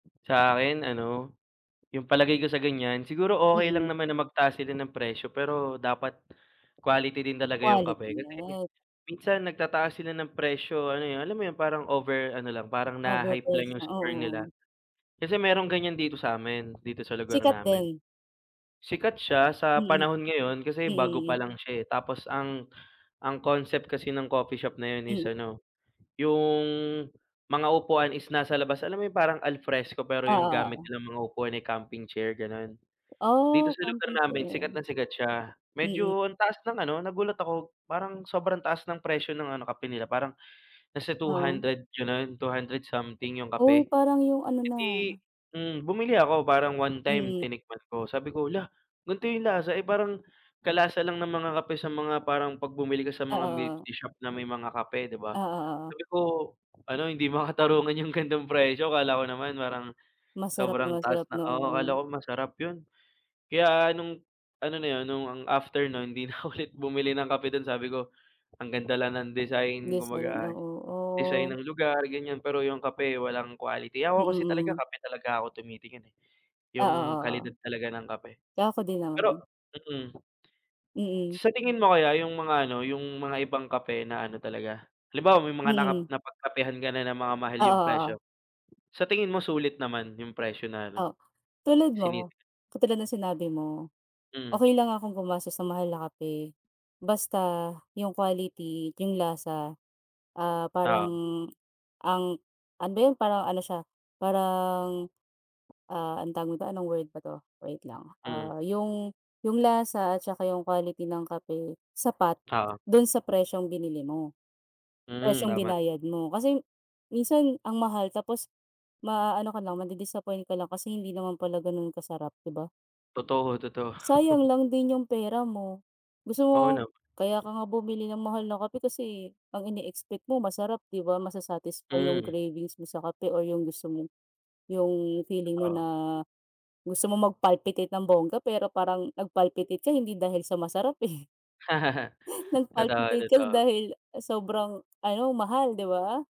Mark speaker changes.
Speaker 1: Sa akin ano, yung palagay ko sa ganiyan, siguro okey
Speaker 2: Mm.
Speaker 1: lang naman na magtaas sila ng presyo, pero dapat quality din talaga yung
Speaker 2: Quality,
Speaker 1: kape. Kasi
Speaker 2: yan.
Speaker 1: minsan nagtataas sila ng presyo ano yun alam mo yung parang over ano lang, parang naha-hype lang
Speaker 2: Overpriced
Speaker 1: yung
Speaker 2: na oo,
Speaker 1: store nila.
Speaker 2: oo.
Speaker 1: Kasi merong ganiyan dito sa'min, dito sa lugar
Speaker 2: Sikat
Speaker 1: namin.
Speaker 2: din.
Speaker 1: Sikat siya sa
Speaker 2: Mm.
Speaker 1: panahon ngayon kasi
Speaker 2: Mm,
Speaker 1: bago pa
Speaker 2: mm.
Speaker 1: lang siya, eh. Tapos ang ang concept kasi ng coffee shop na yun is
Speaker 2: Mm.
Speaker 1: ano, yung mga upuan is nasa labas, alam mo parang al fresco pero
Speaker 2: Oo,
Speaker 1: yung gamit
Speaker 2: oo.
Speaker 1: nilang mga upuan, eh, camping chair ganon? Dito
Speaker 2: Oh,
Speaker 1: sa lugar
Speaker 2: camping
Speaker 1: namin
Speaker 2: chair.
Speaker 1: sikat na sikat siya,
Speaker 2: Mm.
Speaker 1: medyo ang taas ng ano, nagulat ako parang sobrang taas ng presyo ng ano kape nila parang nasa two
Speaker 2: Oo.
Speaker 1: hundred ganun, 200 something yung
Speaker 2: Oh,
Speaker 1: kape.
Speaker 2: parang yung ano
Speaker 1: Eh,
Speaker 2: na
Speaker 1: di hmm bumili ako, parang one time
Speaker 2: Mm.
Speaker 1: tinikman ko sabi ko, "Hala gan'to yung lasa," eh, parang kalasa lang ng mga kape sa mga parang pag bumili ka sa mga milk
Speaker 2: Oo.
Speaker 1: tea shop na may mga kape di ba?
Speaker 2: Oo, oo.
Speaker 1: Sabi ko ano "Hindi makatarungan yung gan'tong presyo" akala ko naman parang
Speaker 2: Masarap na,
Speaker 1: sobrang taas
Speaker 2: masarap
Speaker 1: na
Speaker 2: no,
Speaker 1: oo
Speaker 2: oo.
Speaker 1: akala ko masarap yun. Kaya nung ano na yun nung after no'n di nako ulit bumili ng kape dun sabi ko, "Ang ganda lang ng design,"
Speaker 2: Design,
Speaker 1: kumbaga ay
Speaker 2: oo.
Speaker 1: design
Speaker 2: Oh.
Speaker 1: ng lugar, ganiyan pero yung kape walang quality.
Speaker 2: Mm,
Speaker 1: Ako kasi talaga
Speaker 2: mm.
Speaker 1: kape talaga ako tumitingin, eh,
Speaker 2: Oo,
Speaker 1: yung
Speaker 2: oo, o.
Speaker 1: kalidad talaga ng kape.
Speaker 2: Ako din
Speaker 1: Pero
Speaker 2: naman.
Speaker 1: mm.
Speaker 2: Mm.
Speaker 1: Sa tingin mo kaya yung mga ano, yung mga ibang kape na ano talaga halimbawa may mga napagkap
Speaker 2: Mhm.
Speaker 1: napagkapehan ka na na mga mahal
Speaker 2: Oo,
Speaker 1: yung presyo,
Speaker 2: oo.
Speaker 1: sa tingin mo sulit naman yung presyo na ano
Speaker 2: Oh, tulad mo,
Speaker 1: sinisi
Speaker 2: katulad ng sinabi mo,
Speaker 1: Mm.
Speaker 2: okey lang akong gumastos ng mahal na kape, basta yung quality, at yung lasa, ah, parang
Speaker 1: 0Oo.
Speaker 2: ang ano yun? Parang ano siya parang, ah, ano tawag nito? anong word ba 'to? wait lang,
Speaker 1: Hmm.
Speaker 2: ah, yung yung lasa at saka yung quality ng kape, sapat
Speaker 1: Oo.
Speaker 2: dun sa presyong binili mo,
Speaker 1: Mm,
Speaker 2: presyong
Speaker 1: tama t
Speaker 2: binayad mo, kasi minsan ang mahal tapos maaano ka lang madi-disappoint ka lang kasi hindi naman pala ganun kasarap di ba?
Speaker 1: Totoo, totoo.
Speaker 2: Sayang lang din yung pera mo. Gusto mo
Speaker 1: Oo nam
Speaker 2: kaya ka nga bumili ng mahal na kape kasi, eh, ang ine-expect mo masarap 'di ba masa-satisfy yung
Speaker 1: Hmm.
Speaker 2: cravings mo sa kape, or yung gusto mo, yung feeling mo
Speaker 1: Oo.
Speaker 2: na gusto mong mag-palpitate ng bongga, pero parang nag-palpitate ka hindi dahil sa masarap, eh. Nag
Speaker 1: Totoo,
Speaker 2: palpitate ka da
Speaker 1: totoo.
Speaker 2: dahil sobrang ano mahal di ba?